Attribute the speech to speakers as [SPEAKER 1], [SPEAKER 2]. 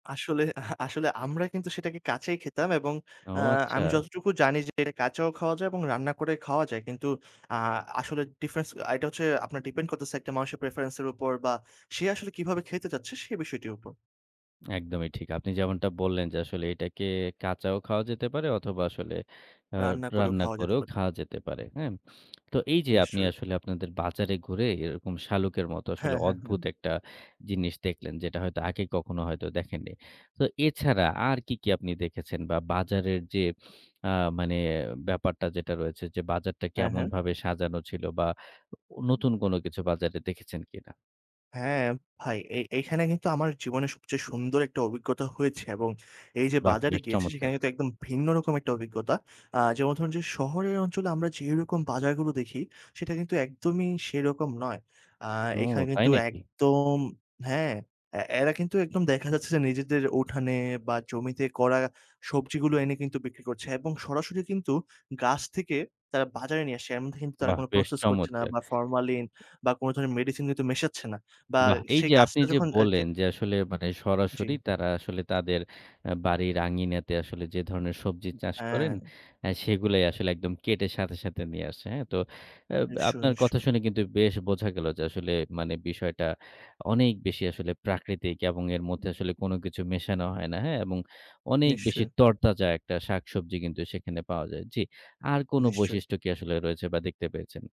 [SPEAKER 1] আসলে আহা আসলে আমরা কিন্তু সেটাকে কাঁচাই খেতাম এবং
[SPEAKER 2] ও
[SPEAKER 1] আ আমি
[SPEAKER 2] আচ্ছা।
[SPEAKER 1] যতটুকু জানি যে এটা কাঁচাও খাওয়া যায় এবং রান্না করে খাওয়া যায়। কিন্তু আ আসলে ডিফারেন্স আ এটা হচ্ছে আপনার ডিপেন্ড করছে একটা মানুষের প্রেফারেন্স এর উপর বা সে আসলে কিভাবে খেতে চাচ্ছে সে বিষয়টির উপর।
[SPEAKER 2] একদমই ঠিক। আপনি যেমনটা বললেন যে আসলে এটাকে কাঁচাও খাওয়া যেতে পারে অথবা আসলে আ
[SPEAKER 1] রান্না করেও
[SPEAKER 2] রান্না
[SPEAKER 1] খাওয়া যেতে
[SPEAKER 2] করেও
[SPEAKER 1] পারে।
[SPEAKER 2] খাওয়া যেতে পারে। হ্যাঁ? তো এই যে আপনি
[SPEAKER 1] নিশ্চয়ই।
[SPEAKER 2] আসলে আপনাদের বাজারে ঘুরে এরকম শালুকের মতো আসলে
[SPEAKER 1] হ্যাঁ, হ্যাঁ,
[SPEAKER 2] অদ্ভুত
[SPEAKER 1] হ্যাঁ।
[SPEAKER 2] একটা জিনিস দেখলেন। যেটা হয়তো আগে কখনো হয়তো দেখেননি। তো এছাড়া আর কি, কি আপনি দেখেছেন বা বাজারের যেয়ে আ মানে ব্যাপারটা যেটা রয়েছে যে বাজারটা
[SPEAKER 1] হ্যাঁ, হ্যাঁ।
[SPEAKER 2] কেমনভাবে সাজানো ছিল বা অ নতুন কোনো কিছু বাজারে দেখেছেন কিনা?
[SPEAKER 1] হ্যাঁ ভাই, এ এখানে কিন্তু আমার জীবনের সবচেয়ে সুন্দর একটা অভিজ্ঞতা হয়েছে এবং এই যে
[SPEAKER 2] বাহ!
[SPEAKER 1] বাজারে
[SPEAKER 2] বেশ
[SPEAKER 1] গিয়েছি
[SPEAKER 2] চমৎকার!
[SPEAKER 1] সেখানে কিন্তু একদম ভিন্ন রকম একটা অভিজ্ঞতা। আ যেমন ধরুন যে শহরের অঞ্চলে আমরা যেরকম বাজারগুলো দেখি, সেটা কিন্তু একদমই সেরকম নয়। আ
[SPEAKER 2] ও
[SPEAKER 1] এখানে
[SPEAKER 2] তাই
[SPEAKER 1] কিন্তু
[SPEAKER 2] নাকি?
[SPEAKER 1] একদম হ্যাঁ এ্যা এরা কিন্তু একদম দেখা যাচ্ছে যে নিজেদের উঠানে বা জমিতে করা সবজিগুলো এনে কিন্তু বিক্রি করছে এবং সরাসরি কিন্তু গাছ থেকে তারা বাজারে নিয়ে আসছে। এমন থে কিন্তু তারা
[SPEAKER 2] বাহ!
[SPEAKER 1] কোন
[SPEAKER 2] বেশ
[SPEAKER 1] প্রসেস করছে না
[SPEAKER 2] চমৎকার!
[SPEAKER 1] বা ফরমালিন বা কোন ধরনের মেডিসিন কিন্তু মেশাচ্ছে না। বা
[SPEAKER 2] বাহ! এই
[SPEAKER 1] সেই
[SPEAKER 2] যে আপনি
[SPEAKER 1] গাছটা
[SPEAKER 2] যে
[SPEAKER 1] যখন আ যে
[SPEAKER 2] বললেন যে আসলে মানে সরাসরি
[SPEAKER 1] জি।
[SPEAKER 2] তারা আসলে তাদের আ বাড়ির আঙিনাতে আসলে যে ধরনের সবজি চাষ করেন
[SPEAKER 1] হ্যাঁ।
[SPEAKER 2] আ সেগুলো আসলে একদম কেটে সাথে, সাথে নিয়ে আসে। হ্যাঁ তো আপ
[SPEAKER 1] নিশ্চই,
[SPEAKER 2] আপনার কথা
[SPEAKER 1] নিশ্চয়ই।
[SPEAKER 2] শুনে কিন্তু বেশ বোঝা গেল যে আসলে মানে বিষয়টা অনেক বেশি আসলে প্রাকৃতিক এবং এর মধ্যে আসলে কোন কিছু মেশানো হয় না। হ্যাঁ এবং অনেক বেশি
[SPEAKER 1] নিশ্চয়ই।
[SPEAKER 2] তরতাজা একটা শাকসবজি কিন্তু সেখানে পাওয়া যায়। জি, আর কোন
[SPEAKER 1] নিশ্চয়ই।
[SPEAKER 2] বৈশিষ্ট্য কি আসলে রয়েছে বা দেখতে পেয়েছেন?